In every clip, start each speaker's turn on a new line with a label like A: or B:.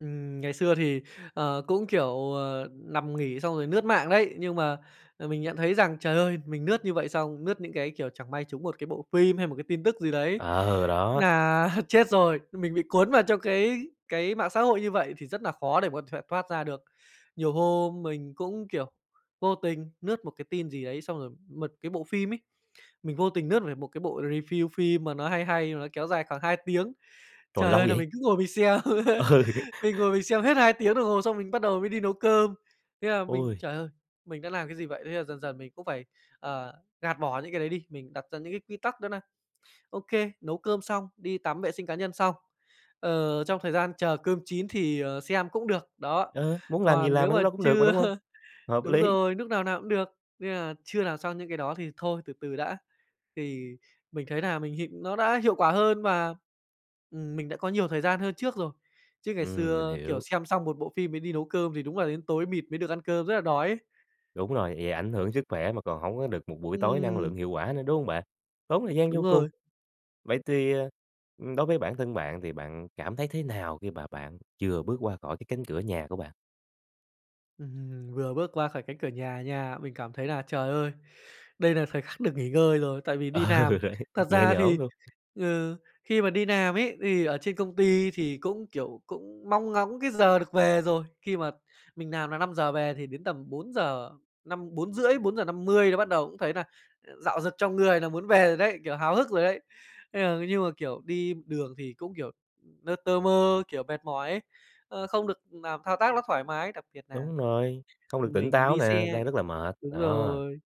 A: Ừm. Ngày xưa thì, ờ, cũng, kiểu, ờ, nằm nghỉ xong rồi lướt mạng đấy. Nhưng mà, ờ, mình nhận thấy rằng, trời ơi, mình lướt như vậy xong, lướt những cái, kiểu, chẳng may trúng một cái bộ phim hay một cái tin tức gì đấy
B: Ờ, đó.
A: nà chết rồi. Mình bị cuốn vào trong cái cái mạng xã hội như vậy thì rất nà khó để có thể thoát ra được. Nhiều hôm mình cũng, kiểu, vô tình lướt một cái tin gì đấy xong rồi một cái bộ phim ấy, mình vô tình lướt về một cái bộ review phim mà nó hay hay nó kéo dài khoảng 2 tiếng.
B: Trời,
A: Trời
B: lâu
A: ơi! Nà
B: vậy?
A: mình cứ ngồi mình xem.
B: Ừ.
A: Mình ngồi mình xem hết 2 tiếng đồng hồ xong mình bắt đầu mới đi nấu cơm. Thế là mình,
B: Ôi.
A: "trời ơi, mình đã làm cái gì vậy?" Thế là dần dần mình cũng phải, ờ, gạt bỏ những cái đấy đi, mình đặt ra những cái quy tắc đó nà OK, nấu cơm xong, đi tắm, vệ sinh cá nhân xong, ờ, trong thời gian chờ cơm chín thì, ờ, xem cũng được. Đó,
B: Ờ, muốn làm gì
A: còn
B: làm
A: nếu
B: lúc
A: mà
B: đó cũng được mà
A: chưa
B: đúng hông? Hợp
A: đúng
B: lý.
A: rồi, núc nào nào cũng được, nên nà chưa làm xong những cái đó thì thôi từ từ đã. Thì mình thấy nà mình hiệu nó đã hiệu quả hơn và, ừm, mình đã có nhiều thời gian hơn trước rồi. Chứ ngày
B: Ừm, mình
A: xưa, kiểu,
B: hiểu.
A: xem xong một bộ phim mới đi nấu cơm thì đúng là đến tối mịt mới được ăn cơm rất là đói ấy.
B: Đúng rồi. Vậy ảnh hưởng sức khỏe mà còn hổng có được một buổi tối năng lượng,
A: Ừm.
B: hiệu quả nữa, đúng hông bạn? Tốn thời gian vô
A: Đúng
B: cùng.
A: rồi.
B: Vậy thì, ờ, đối với bản thân bạn thì bạn cảm thấy thế nào khi mà bạn vừa bước qua khỏi cánh cửa nhà của bạn?
A: Ừm. Vừa bước qua khỏi cánh cửa nhà nha, mình cảm thấy là, trời ơi, đây là thời khắc được nghỉ ngơi rồi tại vì đi
B: Ờ,
A: làm.
B: đấy,
A: Thật
B: nhẹ
A: ra
B: nhõm
A: thì,
B: luôn.
A: ừ, khi mà đi làm ấy, thì ở trên công ty thì cũng, kiểu, cũng mong ngóng cái giờ được về rồi. Khi mà mình làm là 5:00 về thì đến tầm bốn giờ năm 4:30, 4:50 là bắt đầu cũng thấy nà rạo rực trong người là muốn về rồi đấy, kiểu, háo hức rồi đấy. Thế, ờ, mà nhưng mà, kiểu, đi đường thì cũng, kiểu, lơ tơ mơ, kiểu, mệt mỏi ấy, ơ, không được làm thao tác nó thoải mái. Đặc biệt nà
B: Đúng rồi, không được tỉnh
A: mình
B: táo
A: đi
B: nè,
A: xe
B: đang rất là mệt,
A: đúng
B: đó.
A: rồi,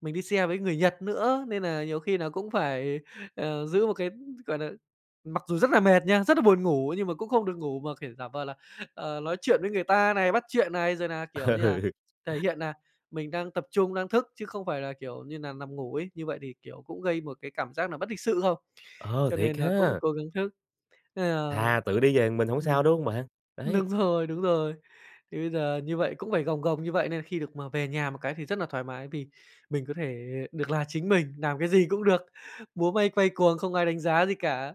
A: mình đi xe với người Nhật nữa nên nà nhiều khi nà cũng phải, ờ, giữ một cái, gọi nà mặc dù rất là mệt nha, rất là buồn ngủ nhưng mà cũng không được ngủ mà, kiểu, giả vờ là nói chuyện với người ta này, bắt chuyện này, rồi nà, kiểu như là,
B: Ừ.
A: thể hiện nà mình đang tập trung, đang thức chứ không phải là, kiểu như nà, nằm ngủ ấy. Như vậy thì, kiểu, cũng gây một cái cảm giác nà bất lịch sự không?
B: Ờ,
A: Cho
B: thiệt
A: nên là cũng
B: ha.
A: cố gắng thức. Nên là
B: Thà tự đi về một mình hổng sao,
A: ừm,
B: đúng hông bạn? Đấy.
A: đúng rồi, đúng rồi. Thì bây giờ như vậy cũng phải gồng gồng như vậy nên khi được mà về nhà một cái thì rất là thoải mái vì mình có thể được là chính mình, làm cái gì cũng được, múa may quay cuồng không ai đánh giá gì cả.